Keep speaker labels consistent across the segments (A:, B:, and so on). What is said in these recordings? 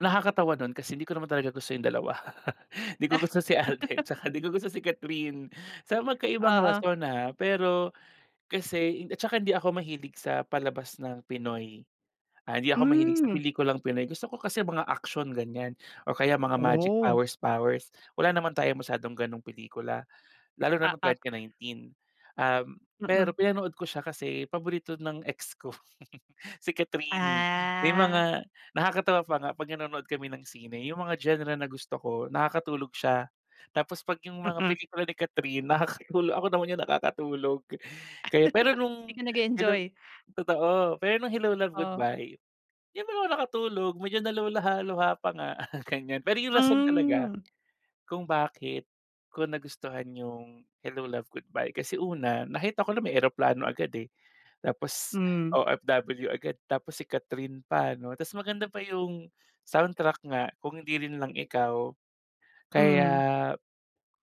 A: Nakakatawa dun kasi hindi ko naman talaga gusto yung 2. Di ko gusto si Alden tsaka hindi ko gusto si Kathryn, sa magkaibang
B: Oo.
A: rason, ah. Pero, kasi ed at saka hindi ako mahilig sa palabas ng Pinoy. Ah, hindi ako mahilig sa
B: Hmm.
A: pelikulang Pinoy. Gusto ko kasi mga aksiyon, ganyan, o kaya mga magic
B: Oh.
A: powers-powers. Wala naman tayong masyadong ganong pelikula lalo na nung
B: Oo.
A: 2019. Um, pero
B: Mm.
A: pinanood ko siya kasi paborito ng ex ko si Kathryn. May
B: Ah.
A: mga nakakatawa pa nga pag nanonood kami ng sine yung mga genre na gusto ko, nakakatulog siya. Tapos pag yung mga
B: Mm.
A: pelikula ni Kathryn, nakakatulog ako naman yung nakakatulog. Kaya, pero
B: Di
A: nung
B: ka
A: Hello
B: nag-e-enjoy.
A: totoo pero nung Hello, Love,
B: Oh.
A: Goodbye, di naman ako nakatulog, medyo naluha-luha pa nga ganyan. Pero yung rason talaga
B: Hmm.
A: kung bakit ko nagustuhan yung Hello, Love, Goodbye, kasi una, nakita ko na may eroplano agad, eh, tapos
B: Hmm.
A: OFW agad. Tapos si Kathryn pa 'no, ta's maganda pa yung soundtrack nga, "Kung Hindi Rin Lang Ikaw". Kaya
B: Hmm.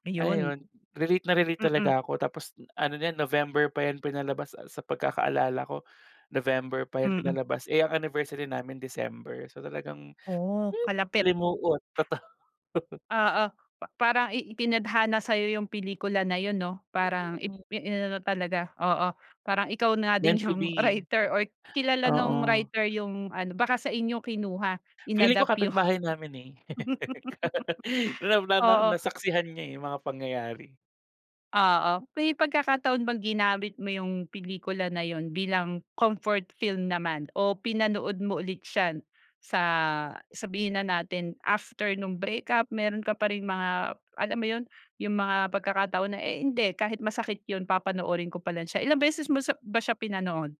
B: Ayun.
A: ayun, relate na relate
B: Mm.
A: talaga ako. Tapos ano na yan, November pa yan pinalabas sa sa pagkakaalala ko, November pa yan
B: Mm.
A: pinalabas, eh, ang anniversary namin December, so talagang
B: Oh,
A: hmm
B: kalapit.
A: limuot, totoo.
B: Oo, pa parang i itinadhana sa'yo yung pelikula na yun 'no? Parang ip
A: Mm.
B: i inano talaga oo, parang ikaw na din
A: Meant to
B: yung
A: be.
B: writer, or kilala nung
A: Oo.
B: writer yung ano, baka sa inyo kinuha,
A: Feeling ko
B: in-adapt yung
A: kapitbahay namin, eh. Wala wala na,
B: oo.
A: nasaksihan niya, eh, yung mga pangyayari.
B: Oo, may pagkakataon bang ginamit mo yung pelikula na yun bilang comfort film naman? O pinanood mo ulit siya sa sabihin na natin after nung breakup meron ka pa ring mga, alam mo yun, yung mga pagkakataon na, "Eh, hindi, kahit masakit yun, papanoorin ko pa rin siya". Ilang beses mo sa ba siya pinanood?